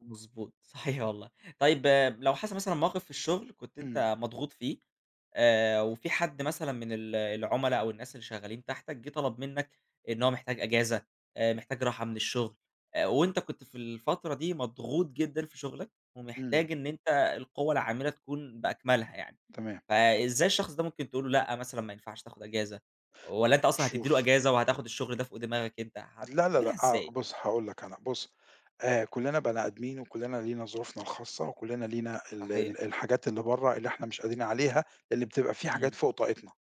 مضبوط، صحيح والله، طيب لو حصل مثلًا موقِف في الشغل كنت إمم. أنت مضغوط فيه آآ، وفي حد مثلًا من ال العملا أو الناس اللي شغّالين تحتك، جيه طلب مِنّك إن هو محتاج إجازة، محتاج راحة من الشغل، وأنت كنت في الفترة دي مضغوط جدًا في شغلك، إمم. ومحتاج إن أنت القوة العاملة تكون بأكملها يعني، تمام. فإزاي الشخص ده ممكن تقُول له لأ مثلًا ما ينفعش تأخد إجازة، والّا أنت أصلًا هتدّي له شوف. إجازة وهتأخد الشغل ده فوق دماغك أنت، لا، لا، هتعملها لأ، آآ، إزاي؟ بُص هاقول لك أنا، بُص آآ، كُلّنا بني آدمين وكُلّنا لينا ظروفنا الخاصة وكُلّنا لينا ال صحيح. ال الحاجات اللي بره اللي إحنا مش قادرين عليها اللي بتبقى في حاجات إمم. فوق طاقتنا،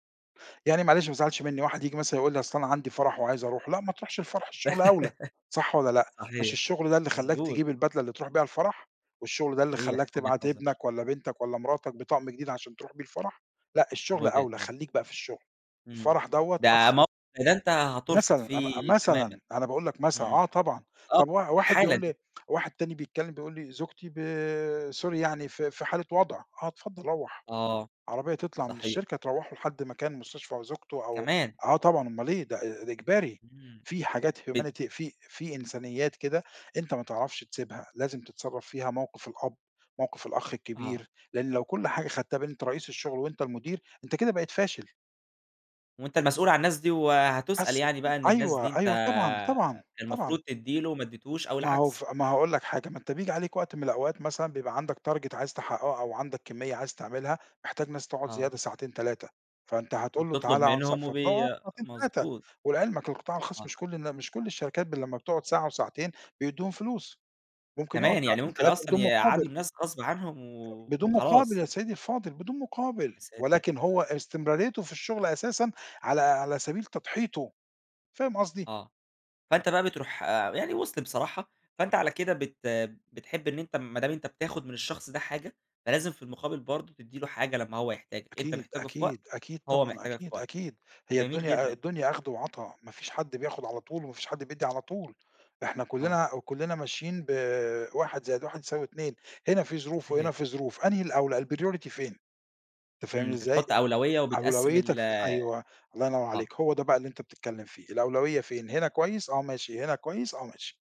يعني معلش ما تزعلش مِنّي واحد ييجي مثلًا يقول لي أصل أنا عندي فرح وعايز أروح، لأ ما تروحش الفرح الشغل أولى صح والّا لأ، مش صحيح، الشغل ده اللي خلّاك مضبوط. تجيب البدلة اللي تروح بيها الفرح، والشغل ده اللي خلّاك صحيح، وجهة تبعت نظر. ابنك والّا بنتك والّا مراتك بطقم جديد عشان تروح بيه الفرح، لأ الشغل وجهة أولى، نظر. خليك بقى في الشغل إمم، الفرح دوّة ده أخ مو والّا أنت هترفض مثلًا ام م فيه تمامًا، مثلًا أنا باقُول لك مثلًا، إمم، آه طبعًا، آه طَب وا واحد حالًا. بيقول لي واحد تاني بيكلم بيقُول لي زوجتي ب sorry يعني في في حالة وضع آه، اتفضل روّح آه، عربية تطلع من صحيح. الشركة تروّحه لحد مكان مستشفى أو زوجته أو كمان. آه، طبعًا أمال إيه ده آآ، إجباري إمم، في حاجات ات humanity في في إنسانيات كده أنت ما تعرفش تسيبها، لازم تتصرف فيها موقِف الأب، موقِف الأخ آه. الكبير لأن لو كل حاجة خدتها بإن أنت رئيس الشغل وأنت المُدير أنت كده بقيت فاشل. وأنت المسؤول عن الناس دي، وهتسأل أس يعني بقى إن الناس دي أيوه، أنت أيوه، طبعًا، طبعًا، المفروض طبعًا. تدّي له، ما أدّيتش أو ما هو العكس. ف ما هاقول لك حاجة ما أنت بييجي عليك وقت من الأوقات مثلًا بيبقى عندك target عايز تحققه أو عندك كميّة عايز تعملها محتاج ناس تقعد آه. زيادة ساعتين 3 فأنت هتقُول له وبتطلب تعالَ اقعد س منهم وبي فبتقعد ساعتين 3 مضبوط. ولعلمك القطاع الخاص آه. مش كل الن مش كل الشركات ب لمّا بتقعد ساعة وساعتين بيدّوهم فلوس، ممكن يقعد كمان، يعني ساعتين ممكن 3 أصلًا بدون يقعدوا مقابل. الناس غصب عنهم، و بدون مقابل وخلاص. يا سيّدي الفاضل، بدون مقابل يا ساتر! ولكن هو استمراريته في الشغل أساسًا على على سبيل تضحيته، فاهم قصدي؟ آه، فأنت بقى بتروح يعني وص بصراحة فأنت على كده بت بتحب إن أنت ما دام أنت بتاخد من الشخص ده حاجة، فلازم في المقابل برضه تدّي له حاجة لمّا هو يحتاجك، أنت أكيد، محتاجه في وقت، أكيد، أكيد، هو طبعًا محتاجك في أكيد وقت، أكيد هي جميل الدنيا جدًا. الدنيا أخد وعطا ما فيش حد بياخد على طول وما فيش حد بيدّي على طول، إحنا آه. كُلّنا كُلّنا ماشيين ب 1 زائد 1 يساوي 2 هنا في ظروف صحيح. وهنا في ظروف، أنهي الأولى الpriority فين؟ أنت إمم، فاهمني أنت إزاي؟ بتحط أولوية وبتقسم أولويّتك ال ف أيوه الله ينوّر آه. عليك، هو ده بقى اللي أنت بتتكلم فيه الأولوية فين؟ هنا كويس آه، ماشي هنا كويس آه، ماشي.